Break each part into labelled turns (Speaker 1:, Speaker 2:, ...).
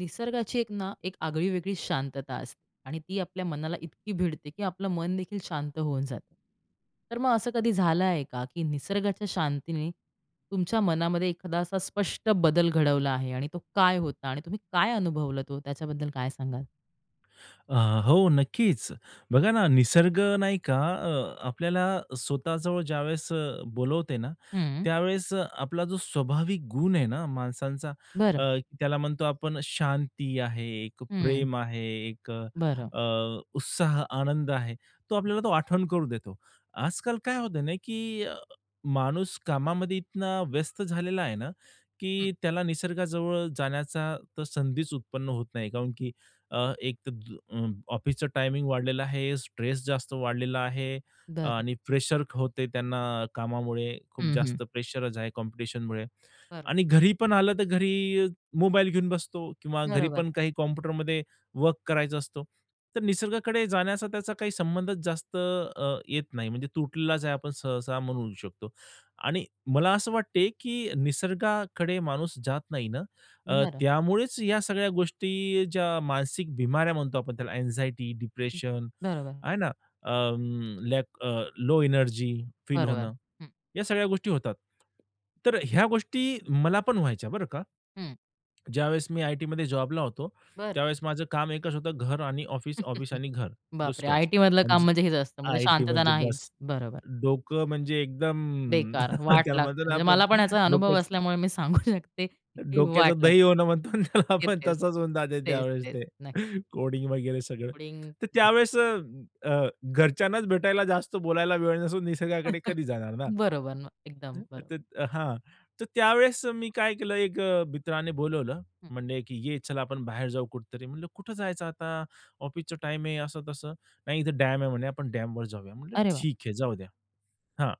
Speaker 1: निसर्गाची एक ना एक आगळी-वेगळी शांतता असते आणि ती आपल्या मनाला इतकी भिडते, की आपलं मन देखील शांत होऊन जातं. तर मग असं कधी झालं आहे का, की निसर्गाच्या शांतीने तुमच्या मनामध्ये एखादा असा स्पष्ट बदल घडवला आहे? आणि तो काय होता आणि तुम्ही काय अनुभवलं, तो त्याच्याबद्दल काय सांगाल?
Speaker 2: अ, हो, नक्कीच. बघा ना, निसर्ग नाही का, अ, आपल्याला स्वतःजवळ ज्यावेळेस, अ, बोलवते ना,
Speaker 1: हं.
Speaker 2: त्यावेळेस आपला जो स्वाभाविक गुण आहे ना माणसांचा, अ,
Speaker 1: बरं.
Speaker 2: त्याला म्हणतो आपण शांती आहे, एक
Speaker 1: हं.
Speaker 2: प्रेम आहे, एक, अ,
Speaker 1: बरं.
Speaker 2: अ, उत्साह, आनंद आहे, तो आपल्याला तो आठवण करून देतो. आजकाल काय होतंय ना, की अ, माणूस कामामध्ये इतना व्यस्त झालेला आहे ना,
Speaker 1: हं.
Speaker 2: की त्याला निसर्गाजवळ जाण्याचा तर संधीच उत्पन्न होत नाही. काउनकी अ, एक त अ, ऑफिसचा टायमिंग वाढलेला आहे, स्ट्रेस जास्त वाढलेला आहे
Speaker 1: बरं.
Speaker 2: आणि प्रेशर होते त्यांना कामामुळे, खूप
Speaker 1: हं, हं.
Speaker 2: जास्त प्रेशरच आहे कॉम्पिटिशनमुळे.
Speaker 1: बरं.
Speaker 2: आणि घरी पण आलं, तर घरी मोबाईल घेऊन बसतो किंवा घरी
Speaker 1: बरोबर.
Speaker 2: पण काही कॉम्प्युटरमध्ये वर्क करायचा असतो. तर निसर्गाकडे जाण्याचा त्याचा काही संबंधच जास्त, अ, येत नाही, म्हणजे तुटलेलाच आहे आपण सहसा म्हणू शकतो. आणि मला असं वाटतं, की निसर्गाकडे माणूस जात नाही ना, अ,
Speaker 1: बरं.
Speaker 2: त्यामुळेच या सगळ्या गोष्टी, ज्या मानसिक बिमाऱ्या म्हणतो आपण, त्याला अँक्झायटी, डिप्रेशन
Speaker 1: बरोबर.
Speaker 2: आहे ना? अ, लॅक लो एनर्जी फील
Speaker 1: बरोबर,
Speaker 2: होणं,
Speaker 1: हं.
Speaker 2: या सगळ्या गोष्टी होतात. तर ह्या गोष्टी मला पण व्हायच्या, बरं का?
Speaker 1: हं.
Speaker 2: ज्यावेळेस मी आयटीमध्ये जॉबला होतो,
Speaker 1: बरं.
Speaker 2: त्यावेळेस माझं काम एकच होतं, घर आणि ऑफिस, ऑफिस आणि घर,
Speaker 1: बापरे,
Speaker 2: दुसरंच.
Speaker 1: आयटी मधलं
Speaker 2: आणि
Speaker 1: काम
Speaker 2: जे
Speaker 1: म्हणजे हेच असतं. म्हणजे
Speaker 2: आयटी
Speaker 1: शांतता
Speaker 2: म्हणजे
Speaker 1: नाहीच.
Speaker 2: बस,
Speaker 1: बरोबर.
Speaker 2: डोकं म्हणजे एकदम
Speaker 1: बेकार, वाट
Speaker 2: त्याला
Speaker 1: लागते.
Speaker 2: म्हणतो ना
Speaker 1: म्हणजे
Speaker 2: आपण,
Speaker 1: मला पण याचा अनुभव
Speaker 2: डोक्याचं
Speaker 1: असल्यामुळे मी सांगू शकते, की वाट
Speaker 2: डोक्याचं
Speaker 1: लागते.
Speaker 2: दही होणं म्हणतो ना त्याला
Speaker 1: तेच,
Speaker 2: आपण,
Speaker 1: तेच.
Speaker 2: तसंच होऊन जातं
Speaker 1: तेच,
Speaker 2: त्यावेळेस,
Speaker 1: तेच,
Speaker 2: ते
Speaker 1: नक्कीच.
Speaker 2: कोडिंग वगैरे सगळं. तर
Speaker 1: [unintelligible]
Speaker 2: त्यावेळेस, अ, अ, घरच्यांनाच भेटायला, जास्त बोलायला वेळ नसून, निसर्गाकडे कधी जाणार ना.
Speaker 1: बरोबर ना, एकदम बरोबर.
Speaker 2: तर हां, तर त्यावेळेस मी काय केलं, एक अ, मित्राने बोलावलं,
Speaker 1: हं.
Speaker 2: म्हणले की "ये, चला आपण बाहेर जाऊ कुठेतरी?" म्हटलं, "कुठं जायचं आता? ऑफिसचा टाईम आहे, असं तसं." "नाही इथं डॅम आहे. म्हणे. आपण डॅमवर जाऊया." म्हटलं,
Speaker 1: अरे वाह!
Speaker 2: "ठीक आहे, जाऊ द्या हां."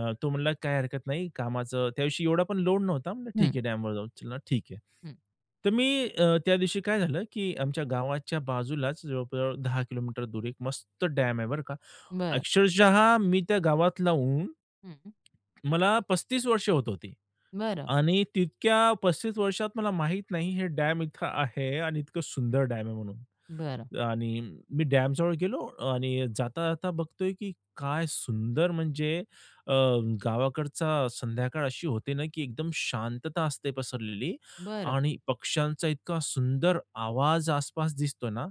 Speaker 2: अ, तो म्हणला, काय हरकत नाही, कामाचं त्यादिवशी एवढा पण लोड नव्हता. म्हटलं, "ठीक
Speaker 1: हं.
Speaker 2: आहे, डॅमवर जाऊ, चला, ठीक आहे."
Speaker 1: हं.
Speaker 2: तर मी अ, त्यादिवशी काय झालं, की आमच्या गावाच्या बाजूलाच, जवळ-जवळ 10 किलोमीटर दूर, एक मस्त डॅम आहे, बरं का.
Speaker 1: बरं.
Speaker 2: अक्षरशः, मी त्या गावात राहून
Speaker 1: हं.
Speaker 2: मला 35 वर्षे होत होती,
Speaker 1: बरं.
Speaker 2: आणि तितक्या 35 वर्षात मला माहीत नाही, हे डॅम इथं आहे, आणि इतकं सुंदर डॅम आहे म्हणून.
Speaker 1: बरं.
Speaker 2: आणि मी डॅमजवळ गेलो, आणि जाता-जाता बघतोय, की काय सुंदर, म्हणजे अ, गावाकडचा संध्याकाळ अशी होते ना, की एकदम शांतता असते पसरलेली
Speaker 1: बरं.
Speaker 2: आणि पक्ष्यांचा इतका सुंदर आवाज आस-पास दिसतोय ना.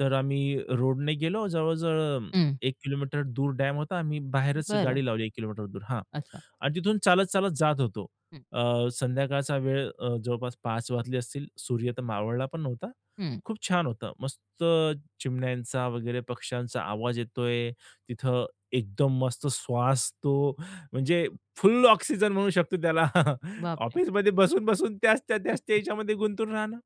Speaker 2: तर आम्ही रोडने गेलो, जवळ-जवळ
Speaker 1: हं.
Speaker 2: 1 किलोमीटर दूर डॅम होता, आम्ही बाहेरच
Speaker 1: बरं.
Speaker 2: गाडी लावली, एक किलोमीटर दूर. हां,
Speaker 1: अच्छा.
Speaker 2: आणि तिथून चालत-चालत जात होतो.
Speaker 1: हं.
Speaker 2: अ, संध्याकाळचा वेळ, अ, जवळपास 5:00 वाजले असतील, सूर्य तर मावळला पण नव्हता,
Speaker 1: हं.
Speaker 2: खूप छान होतं. मस्त चिमण्यांचा वगैरे, पक्ष्यांचा आवाज येतोय तिथं, एकदम मस्त श्वास तो, म्हणजे फुल ऑक्सिजन म्हणू शकतो त्याला.
Speaker 1: बाप रे!
Speaker 2: ऑफिसमध्ये बसून-बसून, त्याच त्या त्या त्याच्यामध्ये गुंतून राहणं,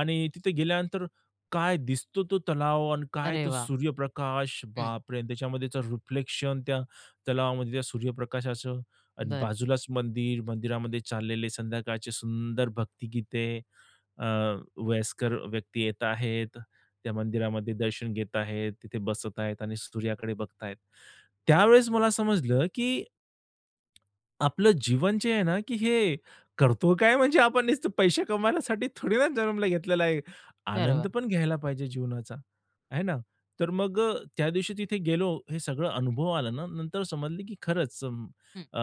Speaker 2: आणि तिथे गेल्यानंतर काय दिसतो, तो तलाव, आणि काय
Speaker 1: अरे
Speaker 2: तो
Speaker 1: वाह!
Speaker 2: सूर्यप्रकाश,
Speaker 1: हं.
Speaker 2: बापरे! त्याच्यामध्येचं रिफ्लेक्शन त्या तलावामध्ये, त्या सूर्यप्रकाशाचं. आणि
Speaker 1: बरं.
Speaker 2: बाजूलाच मंदिर, मंदिरामध्ये चाललेले संध्याकाळचे सुंदर भक्तिगीते, अ, वयस्कर व्यक्ती येत आहेत. त्या मंदिरामध्ये दर्शन घेत आहेत, तिथे बसत आहेत आणि सूर्याकडे बघत आहेत. त्यावेळेस मला समजलं, की आपलं जीवन जे आहे ना, की हे करतो काय, म्हणजे आपण नुसतं पैसे कमवण्यासाठी थोडी ना जन्माला घेतलेलं आहे? आनंद
Speaker 1: बरोबर.
Speaker 2: पण घ्यायला पाहिजे जीवनाचा, है ना? तर मग अ, त्यादिवशी तिथे गेलो, हे सगळं अनुभव आला ना, नंतर समजलं, की खरंच,
Speaker 1: हं.
Speaker 2: अ,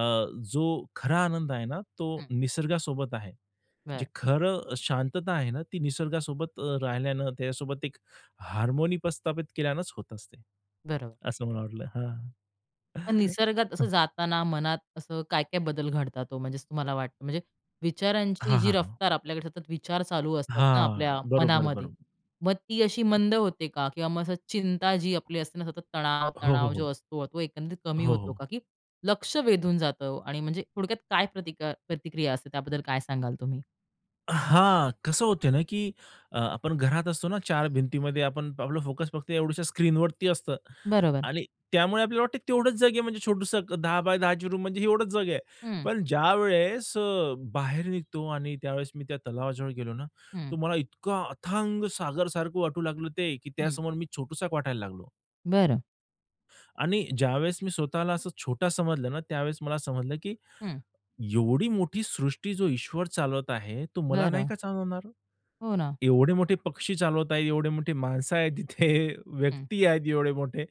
Speaker 2: जो खरा आनंद आहे ना, तो
Speaker 1: हं.
Speaker 2: निसर्गासोबत आहे. जे
Speaker 1: बरं.
Speaker 2: खरं शांतता आहे ना, ती निसर्गासोबत अ, राहिल्यानं, त्याच्यासोबत एक हार्मोनी प्रस्थापित केल्यानंच होत असते,
Speaker 1: बरोबर.
Speaker 2: असं मला वाटलं. हां,
Speaker 1: पण निसर्गात असं जाताना, मनात असं काय-काय बदल घडतात हो? म्हणजे तुम्हाला वाटतं, म्हणजे विचारांची
Speaker 2: हां,
Speaker 1: जी
Speaker 2: हां, हां.
Speaker 1: रफ्तार आपल्याकडे सतत विचार चालू असतात ना
Speaker 2: हां,
Speaker 1: आपल्या
Speaker 2: बरोबर,
Speaker 1: मनामध्ये,
Speaker 2: बरोबर.
Speaker 1: मग ती अशी मंद होते का? किंवा मग असं, चिंता जी आपली असते ना, सतत तणाव,
Speaker 2: हो, हो,
Speaker 1: तणाव जो
Speaker 2: हो.
Speaker 1: असतो, तो एकंदरीत कमी
Speaker 2: हो,
Speaker 1: होतो
Speaker 2: हो.
Speaker 1: का? की लक्ष वेधून जातं? आणि म्हणजे थोडक्यात काय प्रतिका प्रतिक्रिया असते, त्याबद्दल काय सांगाल तुम्ही?
Speaker 2: हां, कसं होत ना की अ, आपण घरात असतो ना, 4 भिंतीमध्ये आपण, आपलं फोकस फक्त एवढशा स्क्रीनवरती असतं.
Speaker 1: बरोबर.
Speaker 2: आणि त्यामुळे आपल्याला वाटते तेवढंच जग आहे, म्हणजे छोटंसं अ, 10x10 ची रूम म्हणजे ही एवढंच जग आहे.
Speaker 1: हं.
Speaker 2: पण ज्यावेळेस अ, बाहेर निघतो आणि त्यावेळेस मी त्या तलावाजवळ गेलो ना,
Speaker 1: हं.
Speaker 2: तर मला इतकं अथांग सागरसारखं वाटू लागलं ते, की
Speaker 1: हं.
Speaker 2: त्यासमोर मी छोटूसा एक वाटायला लागलो.
Speaker 1: बरं.
Speaker 2: आणि ज्यावेळेस मी स्वतःला असं छोटा समजलं ना, त्यावेळेस मला समजलं, की
Speaker 1: हं.
Speaker 2: एवढी मोठी सृष्टी जो ईश्वर चालवत आहे, तो मला नाही
Speaker 1: बरं.
Speaker 2: का चालवणार?
Speaker 1: हो ना.
Speaker 2: एवढे मोठे पक्षी चालवत आहेत, एवढे मोठी माणसं आहेत तिथे
Speaker 1: हं.
Speaker 2: व्यक्ती आहेत एवढे मोठे,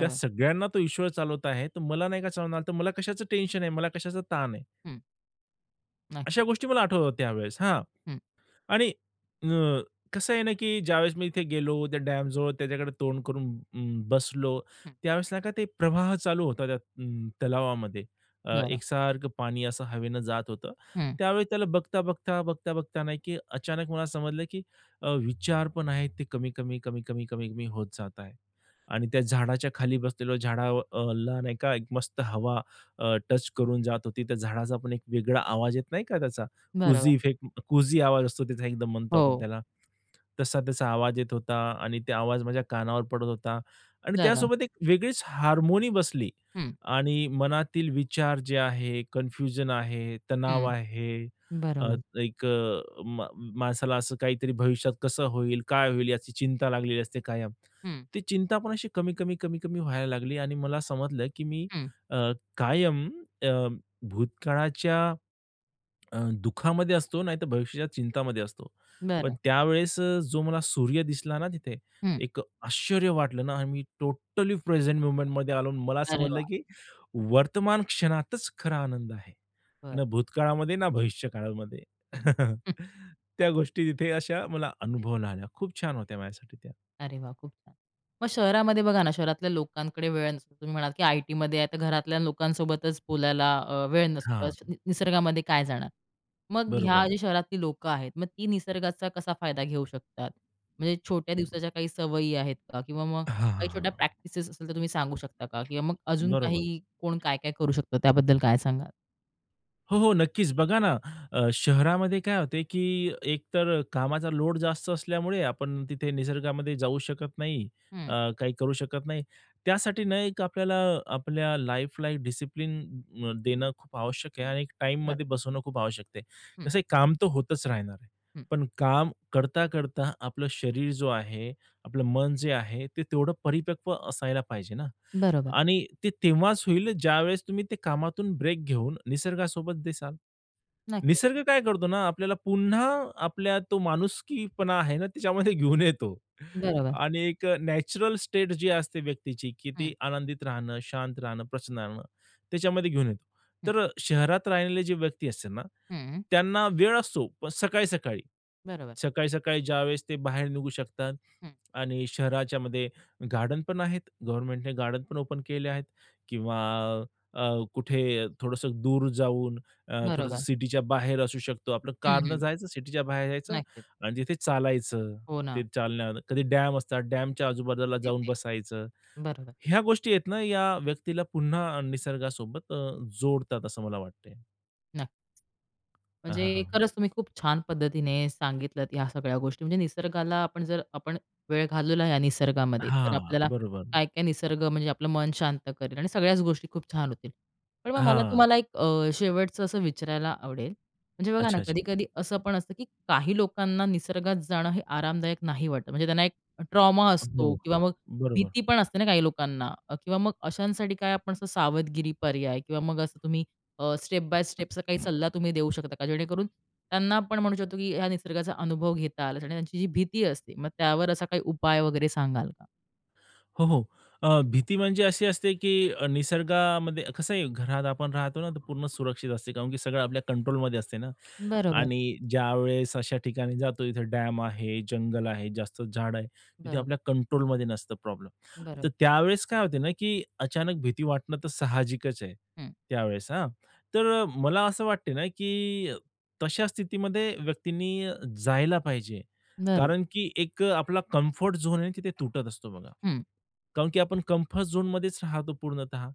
Speaker 2: त्या सगळ्यांना तो ईश्वर चालवत आहे तर मला नाही का चालवणार. तर मला कशाचं टेंशन आहे, मला कशाचा ताण आहे.
Speaker 1: हं. नक्की.
Speaker 2: अशा गोष्टी मला आठवत होत्या त्यावेळेस, हां.
Speaker 1: हं.
Speaker 2: आणि अ, कसं आहे ना, की ज्यावेळेस मी इथे गेलो, त्या डॅम जवळ त्याच्याकडे तोंड करून अं, बसलो
Speaker 1: हं.
Speaker 2: त्यावेळेस नाही का ते प्रवाह चालू होता त्या अं, तलावामध्ये. अ,
Speaker 1: बरं.
Speaker 2: एकसारखं पाणी असं हवेनं जात होतं.
Speaker 1: हं.
Speaker 2: त्यावेळेस त्याला बघता-बघता, बघता-बघता नाही की अचानक मला समजलं, की अ, विचार पण आहेत ते कमी-कमी, कमी-कमी, कमी-कमी होत जात आहे. आणि त्या झाडाच्या खाली बसलेलो झाडा अ, ला नाही का एक मस्त हवा अ, टच करून जात होती. त्या झाडाचा पण एक वेगळा आवाज येत नाही का त्याचा, कुझी
Speaker 1: बरोबर.
Speaker 2: इफेक्ट अं, कुझी आवाज असतो त्याचा एकदम म्हणतो आपण
Speaker 1: हो.
Speaker 2: त्याला. तसा त्याचा आवाज येत होता, आणि त्या आवाज माझ्या कानावर पडत होता. आणि
Speaker 1: बरं.
Speaker 2: त्यासोबत एक वेगळीच हार्मोनी बसली
Speaker 1: हं.
Speaker 2: आणि मनातील विचार जे आहे, कन्फ्युजन आहे, तणाव
Speaker 1: हं,
Speaker 2: आहे, अ,
Speaker 1: बरोबर.
Speaker 2: एक अ, म माणसाला असं काहीतरी भविष्यात कसं होईल, काय होईल याची चिंता लागलेली असते कायम.
Speaker 1: हं.
Speaker 2: ती चिंता पण अशी कमी-कमी, कमी-कमी व्हायला लागली आणि मला समजलं की मी
Speaker 1: हं.
Speaker 2: अ, कायम अ, भूतकाळाच्या, अ, दुःखामध्ये असतो नाहीतर भविष्याच्या चिंतामध्ये असतो. पण
Speaker 1: बरं.
Speaker 2: त्यावेळेस अ, जो मला सूर्य दिसला ना तिथे,
Speaker 1: हं.
Speaker 2: एक आश्चर्य वाटलं ना, मी टोटली प्रेझेंट मोमेंटमध्ये आलो आणि मला
Speaker 1: अरे
Speaker 2: समजलं,
Speaker 1: वाह!
Speaker 2: की वर्तमान क्षणातच खरा आनंद आहे.
Speaker 1: बरं.
Speaker 2: ना भूतकाळामध्ये, ना भविष्य काळामध्ये.
Speaker 1: हं.
Speaker 2: त्या गोष्टी तिथे अशा मला अनुभवाला आले खूप छान होत्या माझ्यासाठी त्या.
Speaker 1: अरे वाह! खूप छान. मग शहरामध्ये बघा ना, शहरातल्या लोकांकडे वेळ नसतो, तुम्ही म्हणाल, की आय टीमध्ये आहे. तर घरातल्या लोकांसोबतच बोलायला अ, वेळ नसतो स
Speaker 2: हां.
Speaker 1: निसर्गामध्ये काय जाणार. मग ह्या
Speaker 2: बरोबर.
Speaker 1: जे शहरातली लोकं आहेत, मग ती निसर्गाचा कसा फायदा घेऊ शकतात? म्हणजे छोट्या दिवसाच्या काही सवयी आहेत का? किंवा मग
Speaker 2: हां, हां,
Speaker 1: काही
Speaker 2: हां.
Speaker 1: छोट्या प्रॅक्टिसेस असेल तर तुम्ही सांगू शकता का? किंवा मग अजून
Speaker 2: बरोबर.
Speaker 1: काही, कोण काय-काय करू शकतो त्याबद्दल काय सांगाल?
Speaker 2: हो, हो. नक्कीच. बघा ना, अ, शहरामध्ये काय होते की एकतर कामाचा लोड जास्त असल्यामुळे आपण तिथे निसर्गामध्ये जाऊ शकत नाही
Speaker 1: हं.
Speaker 2: अ, काही करू शकत नाही. त्यासाठी ना, एक आपल्याला आपल्या लाईफला डिसिप्लिन अ, देणं खूप आवश्यक आहे आणि एक,
Speaker 1: खरं.
Speaker 2: टाईममध्ये बसवणं खूप आवश्यक आहे.
Speaker 1: हं.
Speaker 2: कसं आहे काम तर होतंच राहणार आहे.
Speaker 1: हं.
Speaker 2: पण काम करता-करता आपलं शरीर जो आहे, आपलं मन जे आहे, ते तेवढं परिपक्व असायला पाहिजे ना,
Speaker 1: बरोबर.
Speaker 2: आणि ते तेव्हाच होईल, ज्यावेळेस तुम्ही ते कामातून ब्रेक घेऊन निसर्गासोबत दिसाल.
Speaker 1: नक्कीच.
Speaker 2: निसर्ग काय करतो ना, आपल्याला पुन्हा आपल्या तो माणुसकीपणा आहे ना त्याच्यामध्ये घेऊन येतो.
Speaker 1: बरोबर.
Speaker 2: आणि एक नॅचरल स्टेट जी असते व्यक्तीची की
Speaker 1: हं.
Speaker 2: ती आनंदित राहणं, शांत राहणं, प्रसन्न राहणं त्याच्यामध्ये घेऊन येतो.
Speaker 1: हं.
Speaker 2: तर अ, शहरात राहिलेले जे व्यक्ती असते ना,
Speaker 1: हं.
Speaker 2: त्यांना वेळ असतो पण सकाळी-सकाळी.
Speaker 1: बरोबर.
Speaker 2: सकाळी-सकाळी ज्यावेळेस ते बाहेर निघू शकतात
Speaker 1: हं.
Speaker 2: आणि शहराच्यामध्ये गार्डन पण आहेत. गव्हर्नमेंटने गार्डन पण ओपन केले आहेत किंवा अ, अ, कुठे थोडंसं दूर जाऊन, अ, थोडंसं
Speaker 1: बरोबर.
Speaker 2: सिटीच्या बाहेर असू शकतो. आपलं
Speaker 1: हं,
Speaker 2: कारनं
Speaker 1: हं.
Speaker 2: जायचं, सिटीच्या बाहेर जायचं
Speaker 1: नक्कीच.
Speaker 2: आणि तिथे चालायचं.
Speaker 1: हो
Speaker 2: ते
Speaker 1: ना.
Speaker 2: चालणार, कधी डॅम असतात. डॅमच्या आजूबाजूला जाऊन
Speaker 1: तिथे
Speaker 2: बसायचं.
Speaker 1: बरोबर.
Speaker 2: ह्या गोष्टी आहेत ना, या व्यक्तीला पुन्हा निसर्गासोबत अ, जोडतात असं मला वाटते.
Speaker 1: नक्की.
Speaker 2: हां, हां,
Speaker 1: म्हणजे
Speaker 2: हां.
Speaker 1: खरंच, तुम्ही खूप छान पद्धतीने सांगितलत या सगळ्या गोष्टी. म्हणजे, निसर्गाला आपण जर आपण वेळ घालवला या निसर्गामध्ये तर
Speaker 2: हां.
Speaker 1: आपल्याला
Speaker 2: बरोबर.
Speaker 1: काय-काय निसर्ग म्हणजे आपलं मन शांत करेल आणि सगळ्याच गोष्टी खूप छान होतील. पण मग मला
Speaker 2: हां.
Speaker 1: तुम्हाला एक अ, शेवटचं असं विचारायला आवडेल. म्हणजे बघा ना,
Speaker 2: अच्छा. अच्छा.
Speaker 1: कधी-कधी असं पण असंही असतं की काही लोकांना निसर्गात जाणं हे आरामदायक नाही वाटत वाटतं नाही म्हणजे त्यांना एक एखादा ट्रॉमा असतो
Speaker 2: हो,
Speaker 1: किंवा
Speaker 2: हो.
Speaker 1: मग
Speaker 2: बरोबर.
Speaker 1: भीती पण असते ना काही लोकांना. किंवा मग तर अशांसाठी काय आपण असं काही सावधगिरी पर्याय किंवा मग असं तुम्ही अ, स्टेप बाय स्टेप असा काही सल्ला तुम्ही देऊ शकता का, जेणेकरून त्यांना आपण म्हणू शकतो की ह्या निसर्गाचा अनुभव घेता आला येईल? आणि त्यांची जी भीती असते, मग त्यावर असा काही उपाय वगैरे सांगाल का?
Speaker 2: हो, हो. अ, भीती म्हणजे अशी असते की निसर्गामध्ये कसं आहे घरात आपण राहतो ना, तर पूर्ण सुरक्षित असते. कारण की सगळं आपल्या कंट्रोलमध्ये असते ना.
Speaker 1: बरोबर.
Speaker 2: आणि ज्यावेळेस अशा ठिकाणी जातो जिथे डॅम आहे, जंगल आहे, जास्त झाडं आहेत. तिथे
Speaker 1: बरोबर.
Speaker 2: आपल्या कंट्रोलमध्ये नसते प्रॉब्लेम.
Speaker 1: बरोबर.
Speaker 2: तर त्यावेळेस काय होते ना की अचानक भीती वाटणं तर साहजिकच आहे,
Speaker 1: हं.
Speaker 2: त्यावेळेस हां. तर मला असं वाटते ना, की तशा स्थितीमध्ये व्यक्तींनी जायला पाहिजे.
Speaker 1: बरं.
Speaker 2: कारण की एक आपला कम्फर्ट झोन आहे, तो तिथे तुटत असतो बघा.
Speaker 1: हं.
Speaker 2: कारण की आपण कम्फर्ट झोनमध्येच राहतो पूर्णतः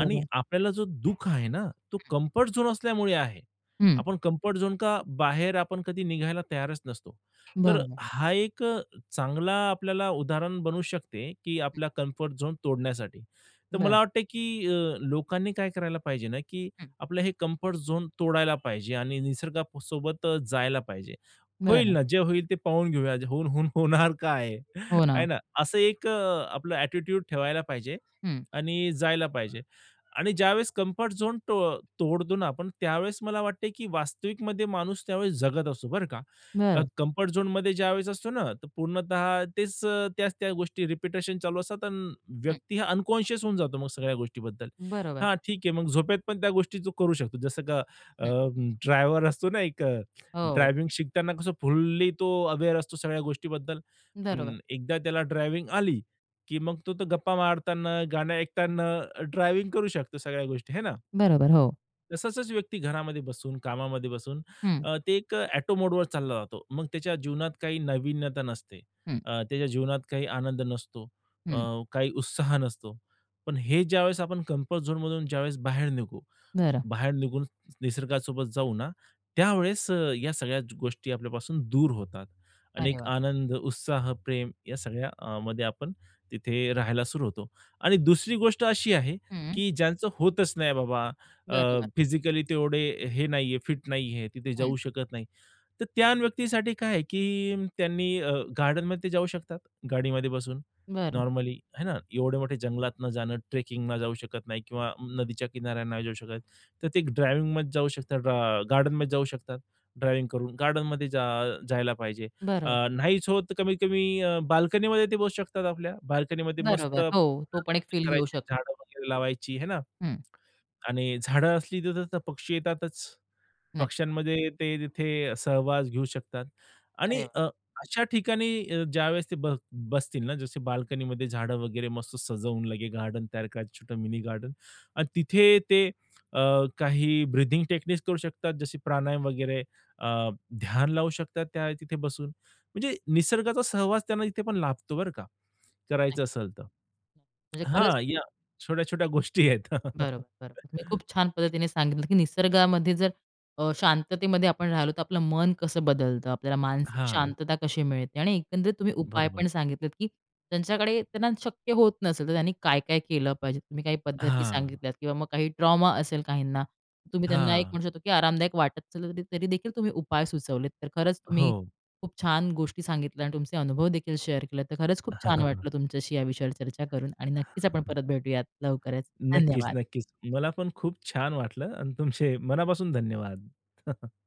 Speaker 2: आणि आपल्याला जो दु:ख आहे ना, तो
Speaker 1: हं.
Speaker 2: कम्फर्ट झोन असल्यामुळे आहे.
Speaker 1: हं.
Speaker 2: आपण कम्फर्ट झोनच्या बाहेर आपण कधी निघायला तयारच नसतो. तर
Speaker 1: बरोबर.
Speaker 2: हा एक चांगला आपल्याला उदाहरण बनू शकते की
Speaker 1: हं.
Speaker 2: आपला कम्फर्ट झोन तोडण्यासाठी. तर मला
Speaker 1: बरं.
Speaker 2: वाटते की अ, लोकांनी काय करायला पाहिजे ना की
Speaker 1: हं.
Speaker 2: आपलं हे कम्फर्ट झोन तोडायला पाहिजे आणि निसर्गासोबत जायला पाहिजे. होईल
Speaker 1: बरं.
Speaker 2: ना जे होईल ते पाहून घेऊया होऊन-होऊन होणार काय
Speaker 1: हो ना.
Speaker 2: आहे ना असा एक आपला ॲटिट्यूड ठेवायला
Speaker 1: हं.
Speaker 2: पाहिजे.आणि जायला पाहिजे. आणि ज्यावेळेस कम्फर्ट झोन तो तोडतो ना आपण त्यावेळेस मला वाटते की वास्तविकमध्ये माणूस त्यावेळेस जगत असतो बरं का.
Speaker 1: बरं.
Speaker 2: कम्फर्ट झोनमध्ये ज्यावेळेस असतो ना तर पूर्णत: तेच त्याच त्या गोष्टी रिपिटेशन चालू असतात आणि
Speaker 1: हं.
Speaker 2: व्यक्ती हा अनकॉन्शियस होऊन जातो मग सगळ्या गोष्टींबद्दल.
Speaker 1: बरोबर.
Speaker 2: हा ठीक आहे मग झोपेत पण त्या गोष्टी तो करू शकतो जसं की अ,
Speaker 1: हं.
Speaker 2: ड्रायव्हर असतो ना एक
Speaker 1: हो.
Speaker 2: ड्रायव्हिंग शिकताना कसं फुल्ली तो अवेअर असतो सगळ्या गोष्टीबद्दल
Speaker 1: बरोबर.
Speaker 2: पण एकदा त्याला ड्रायव्हिंग आली की मग तर तो गप्पा मारताना गाणे ऐकताना ड्रायव्हिंग करू शकतो सगळ्या गोष्टी आहे ना.
Speaker 1: बरोबर, हो.
Speaker 2: तसंच व्यक्ती घरामध्ये बसून, कामामध्ये बसून,
Speaker 1: हं.
Speaker 2: अ, तो एक ऑटो मोडवर चालला जातो. मग त्याच्या जीवनात काही नवीनता नसते.
Speaker 1: हं.
Speaker 2: अ, त्याच्या जीवनात काही आनंद नसतो, अ,
Speaker 1: हं.
Speaker 2: काही उत्साह नसतो. पण हे ज्यावेळेस आपण कम्फर्ट झोनमधून ज्यावेळेस बाहेर निघू,
Speaker 1: बरं.
Speaker 2: बाहेर निघून निसर्गासोबत जाऊ ना, त्यावेळेस, अ, या सगळ्या गोष्टी आपल्यापासून दूर होतात.
Speaker 1: अरे
Speaker 2: अनेक
Speaker 1: वाह!
Speaker 2: आनंद, उत्साह, प्रेम, या सगळ्यामध्ये आपण तिथे राहायला सुरू होतो. आणि दुसरी गोष्ट अशी आहे,
Speaker 1: हं, हं.
Speaker 2: की ज्यांचं होतच नाही, बाबा, अ,
Speaker 1: बरोबर.
Speaker 2: फिजिकली तेवढे हे नाहीये, फिट नाहीये, तिथे
Speaker 1: हं.
Speaker 2: जाऊ शकत नाही. तर त्या व्यक्तीसाठी काय आहे, की त्यांनी, अ, गार्डनमध्ये ते जाऊ शकतात. गाडीमध्ये बसून
Speaker 1: बरं.
Speaker 2: नॉर्मली, आहे ना, एवढे मोठे जंगलात न जाणं, ट्रेकिंगला जाऊ शकत नाही किंवा नदीच्या किनाऱ्यावर नाही जाऊ शकत, तर ते ड्रायव्हिंगमध्ये जाऊ शकतात. गार्डनमध्ये जाऊ शकतात. ड्रायव्हिंग करून गार्डनमध्ये जा, अ, जायला पाहिजे, अ,
Speaker 1: बरं.
Speaker 2: नाहीच होत, तर कमीत कमी अ, बाल्कनीमध्ये ते बसू शकतात आपल्या, बाल्कनीमध्ये मस्त
Speaker 1: बरोबर, हो, तो पण एक
Speaker 2: [unintelligible]
Speaker 1: फील घेऊ
Speaker 2: करायचं,
Speaker 1: शकतो.
Speaker 2: झाडं वगैरे लावायची, आहे ना.
Speaker 1: हं.
Speaker 2: आणि झाडं असली तिथं, तर पक्षी येतातच.
Speaker 1: नाही.
Speaker 2: पक्ष्यांमध्ये ते तिथे सहवास घेऊ शकतात. आणि
Speaker 1: अरे वा!
Speaker 2: अ, अशा ठिकाणी अ, ज्यावेळेस ते बस बसतील ना, जसे बाल्कनीमध्ये झाडं वगैरे मस्त सजवून, लगेच गार्डन तयार करायच छोटं मिनी गार्डनआणि तिथे ते, अ, काही ब्रीथिंग टेक्निक करू शकतात, जसे प्राणायाम वगैरे, अ, ध्यान लावू शकतात, त्या तिथे बसून. म्हणजे निसर्गाचा सहवास त्यांना तिथे पण लाभतो, बरं का.
Speaker 1: नाही.
Speaker 2: करायचं असेल तर,
Speaker 1: म्हणजे खरंच.
Speaker 2: हां, या छोट्या-छोट्या गोष्टी आहेत.
Speaker 1: बरोबर, बरोबर. तुम्ही खूप छान पद्धतीने सांगितलं, की निसर्गामध्ये जर, अ, शांततेमध्ये आपण राहिलो, तर आपलं मन कसं बदलतं, आपल्याला मानसिक
Speaker 2: हां.
Speaker 1: शांतता कशी मिळते. आणि एकंदरीत तुम्ही उपाय
Speaker 2: बरोबर.
Speaker 1: पण सांगितले, की त्यांच्याकडे, त्यांना शक्य होत नसेल, तर त्यांनी काय-काय केलं पाहिजे. तुम्ही काही पद्धती
Speaker 2: हां.
Speaker 1: सांगितल्या किंवा मग काही ट्रॉमा असेल काहींना, तुम्ही त्यांना, एक
Speaker 2: हां.
Speaker 1: म्हणू शकतो, की आरामदायक वाटत असलं तरी देखील तुम्ही उपाय सुचवलेत. तर खरंच, तुम्ही
Speaker 2: हो.
Speaker 1: खूप छान गोष्टी सांगितल्या आणि तुमचे अनुभव देखील शेअर केले. तर खरंच खूप छान वाटलं तुमच्याशी याविषयावर चर्चा करून आणि नक्कीच आपण परत भेटूयात लवकरच.
Speaker 2: नक्कीच,
Speaker 1: धन्यवाद.
Speaker 2: नक्कीच. मला पण खूप छान वाटलं आणि तुमचे मनापासून धन्यवाद.